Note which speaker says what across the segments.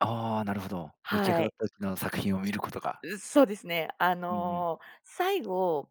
Speaker 1: ああ、なるほど。出来あ
Speaker 2: は
Speaker 1: がっ
Speaker 2: い。
Speaker 1: たちの作品を見ることが。
Speaker 2: う、そうですね。あ
Speaker 1: うんうん。
Speaker 2: の、最後、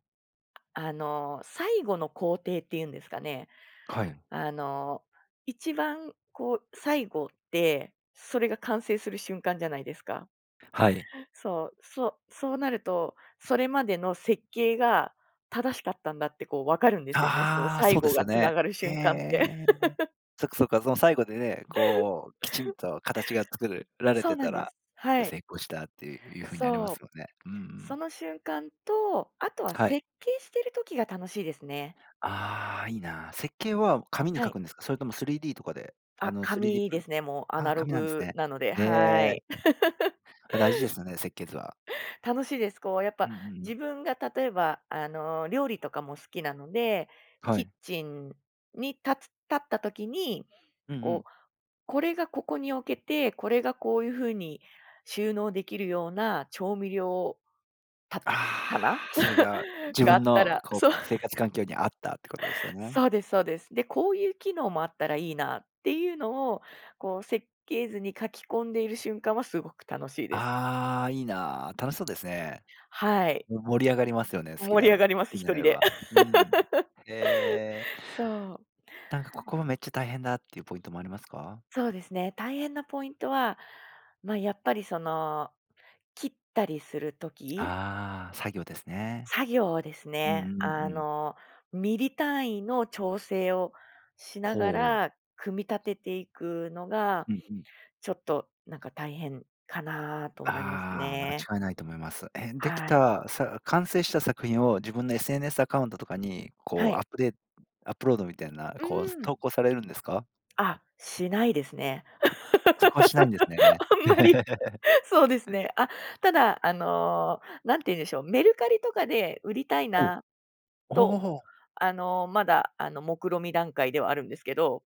Speaker 2: あの、最後の工程っていうんですかね、
Speaker 1: はい。
Speaker 2: あの、一番こう最後って、それが完成する瞬間じゃないですか。
Speaker 1: はい。
Speaker 2: そう、そそうなると、それまでの設計が正しかったんだってこう、わかるんですよね。その
Speaker 1: ああ、
Speaker 2: 最
Speaker 1: そうで
Speaker 2: 後
Speaker 1: す
Speaker 2: が
Speaker 1: よ
Speaker 2: つな
Speaker 1: ね。
Speaker 2: がる
Speaker 1: へ
Speaker 2: 瞬間って。
Speaker 1: え。そっかそっか、その最後でね、こうきちんと形が作るられ
Speaker 2: そう
Speaker 1: て
Speaker 2: なん
Speaker 1: た
Speaker 2: で
Speaker 1: ら、
Speaker 2: す。は
Speaker 1: だ
Speaker 2: い。
Speaker 1: 成功したっていう風になります
Speaker 2: そ
Speaker 1: よ
Speaker 2: う、
Speaker 1: ね。うんう
Speaker 2: そ
Speaker 1: ん。
Speaker 2: の瞬間と、あとは
Speaker 1: はい。
Speaker 2: 設計してる時が楽しいですね。
Speaker 1: ああ、いいな。設計は紙に
Speaker 2: は
Speaker 1: 書
Speaker 2: い。
Speaker 1: くんですか？それとも3Dとかで、あ
Speaker 2: あ、
Speaker 1: の、3D
Speaker 2: 紙
Speaker 1: プ
Speaker 2: ですね、もうア
Speaker 1: あ、
Speaker 2: ナロ
Speaker 1: 紙なんです
Speaker 2: グ
Speaker 1: ね。
Speaker 2: なので、
Speaker 1: へ
Speaker 2: は
Speaker 1: え。
Speaker 2: い。
Speaker 1: あ、大事ですよね、設計図は。
Speaker 2: 楽しいです。こうやっぱ
Speaker 1: うん、ううん。
Speaker 2: 自分が例えばあの、料理とかも好きなので、
Speaker 1: は
Speaker 2: キッ
Speaker 1: い。
Speaker 2: チンに立つ立った時に、
Speaker 1: うんう
Speaker 2: こ
Speaker 1: ん。
Speaker 2: う、これがここに置けて、これがこういうふうに収納できるような調味料た
Speaker 1: あ
Speaker 2: 棚、
Speaker 1: あ、それが 自
Speaker 2: があっ
Speaker 1: 分
Speaker 2: た
Speaker 1: の
Speaker 2: ら
Speaker 1: こ
Speaker 2: そう。
Speaker 1: う生活環境にあったってことですよね。
Speaker 2: そうですそうです。で、こういう機能もあったらいいなっていうのをこう、設計図に書き込んでいる瞬間はすごく楽しいです。
Speaker 1: ああ、いいな、楽しそうですね。
Speaker 2: はい。
Speaker 1: も盛り上がりますよね、好き
Speaker 2: 盛
Speaker 1: だ
Speaker 2: り上
Speaker 1: る
Speaker 2: がります。
Speaker 1: ふ
Speaker 2: 一
Speaker 1: なれ
Speaker 2: 人
Speaker 1: れ
Speaker 2: で。
Speaker 1: ば。うん。へえ。
Speaker 2: そう。
Speaker 1: なんかここはめっちゃ大変だっていうポイントもありますか？
Speaker 2: そうですね。大変なポイントは、ま、やっぱりその切ったりするとき
Speaker 1: ああ、作業ですね。
Speaker 2: 作業です
Speaker 1: うん
Speaker 2: ね、
Speaker 1: う
Speaker 2: あ
Speaker 1: んうん。
Speaker 2: の、ミリ単位の調整をしなが
Speaker 1: ほう。
Speaker 2: ら、組み立てていくのが、
Speaker 1: うんうん。
Speaker 2: ちょっとなんか大変かなと思います
Speaker 1: ああ、まが
Speaker 2: ね。
Speaker 1: 違いないと思います。えん、でき
Speaker 2: はい。
Speaker 1: たさ完成した作品を自分の SNS アカウントとかに、
Speaker 2: は
Speaker 1: こう、
Speaker 2: い。
Speaker 1: アップデアップロードみたいな、
Speaker 2: う
Speaker 1: こう、す
Speaker 2: ん。
Speaker 1: 投稿されるんですか？
Speaker 2: あ、しないですね。
Speaker 1: あ、そこはしないんですね。
Speaker 2: あんまり そうですね。あ、ただあの、何て言うんでしょう、メルカリとかで売りたい
Speaker 1: ほう。
Speaker 2: な
Speaker 1: お
Speaker 2: と、
Speaker 1: お。
Speaker 2: あの、まだあの、目論見段階ではあるんですけど。